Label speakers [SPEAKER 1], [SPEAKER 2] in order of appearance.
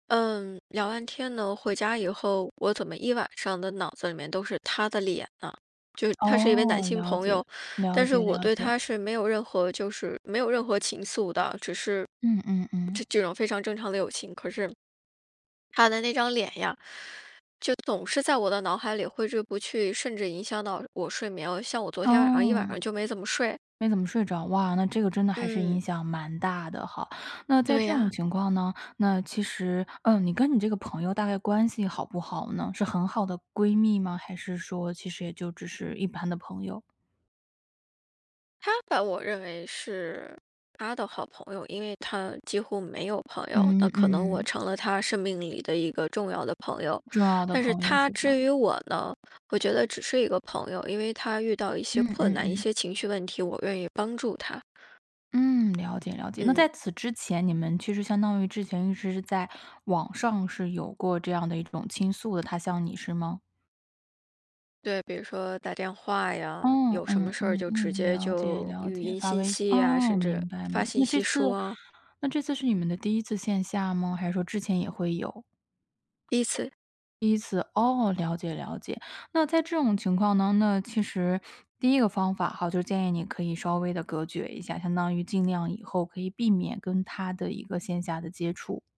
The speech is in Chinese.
[SPEAKER 1] 嗯，聊完天呢，回家以后，我怎么一晚上的脑子里面都是他的脸呢？就是他是一位男
[SPEAKER 2] 哦，
[SPEAKER 1] 性
[SPEAKER 2] 了
[SPEAKER 1] 朋
[SPEAKER 2] 解，
[SPEAKER 1] 友，
[SPEAKER 2] 了
[SPEAKER 1] 但是
[SPEAKER 2] 解
[SPEAKER 1] 我
[SPEAKER 2] 了
[SPEAKER 1] 对
[SPEAKER 2] 解。
[SPEAKER 1] 他是没有任何就是没有任何情愫的，只是，
[SPEAKER 2] 嗯嗯嗯。
[SPEAKER 1] 这这种非常正常的友情，可是他的那张脸呀，就总是在我的脑海里挥之不去，甚至影响到我睡眠。像我昨天晚上，一晚
[SPEAKER 2] 哦。
[SPEAKER 1] 上就没怎么睡。
[SPEAKER 2] 没怎么睡着，哇，那这个真的还是
[SPEAKER 1] 嗯。
[SPEAKER 2] 影响蛮大的哈。那在
[SPEAKER 1] 对
[SPEAKER 2] 这种
[SPEAKER 1] 呀。
[SPEAKER 2] 情况呢，那其实嗯，你跟你这个朋友大概关系好不好呢？是很好的闺蜜吗？还是说其实也就只是一般的朋友？
[SPEAKER 1] 他把我认为是他的好朋友，因为他几乎没有朋友。那
[SPEAKER 2] 嗯，
[SPEAKER 1] 可能我
[SPEAKER 2] 嗯。
[SPEAKER 1] 成了他生命里的一个重要的朋友。
[SPEAKER 2] 重要的
[SPEAKER 1] 但是
[SPEAKER 2] 朋友
[SPEAKER 1] 他
[SPEAKER 2] 是吧？
[SPEAKER 1] 至于我呢，我觉得只是一个朋友。因为他遇到一些
[SPEAKER 2] 嗯
[SPEAKER 1] 困
[SPEAKER 2] 嗯
[SPEAKER 1] 难，一
[SPEAKER 2] 嗯。
[SPEAKER 1] 些情绪问题，我愿意帮助他。
[SPEAKER 2] 嗯，了解了解。那在
[SPEAKER 1] 嗯。
[SPEAKER 2] 此之前，你们其实相当于之前一直是在网上是有过这样的一种倾诉的，他向你，是吗？
[SPEAKER 1] 对，比如说打电话呀，
[SPEAKER 2] 嗯
[SPEAKER 1] 有什么
[SPEAKER 2] 嗯
[SPEAKER 1] 事儿
[SPEAKER 2] 嗯
[SPEAKER 1] 就直
[SPEAKER 2] 嗯，
[SPEAKER 1] 接
[SPEAKER 2] 了解
[SPEAKER 1] 就
[SPEAKER 2] 了
[SPEAKER 1] 语
[SPEAKER 2] 解，
[SPEAKER 1] 音
[SPEAKER 2] 发
[SPEAKER 1] 信
[SPEAKER 2] 微信，
[SPEAKER 1] 息呀，
[SPEAKER 2] 哦，
[SPEAKER 1] 甚至
[SPEAKER 2] 明白，
[SPEAKER 1] 发
[SPEAKER 2] 明那
[SPEAKER 1] 信
[SPEAKER 2] 这
[SPEAKER 1] 息
[SPEAKER 2] 次
[SPEAKER 1] 说啊。
[SPEAKER 2] 那这次是你们的第1次线下吗？还是说之前也会有？
[SPEAKER 1] 第1次。
[SPEAKER 2] 第1次？哦，了解了解。那在这种情况当中呢，那其实第一个方法哈，就建议你可以稍微地隔绝一下，相当于尽量以后可以避免跟他的一个线下的接触。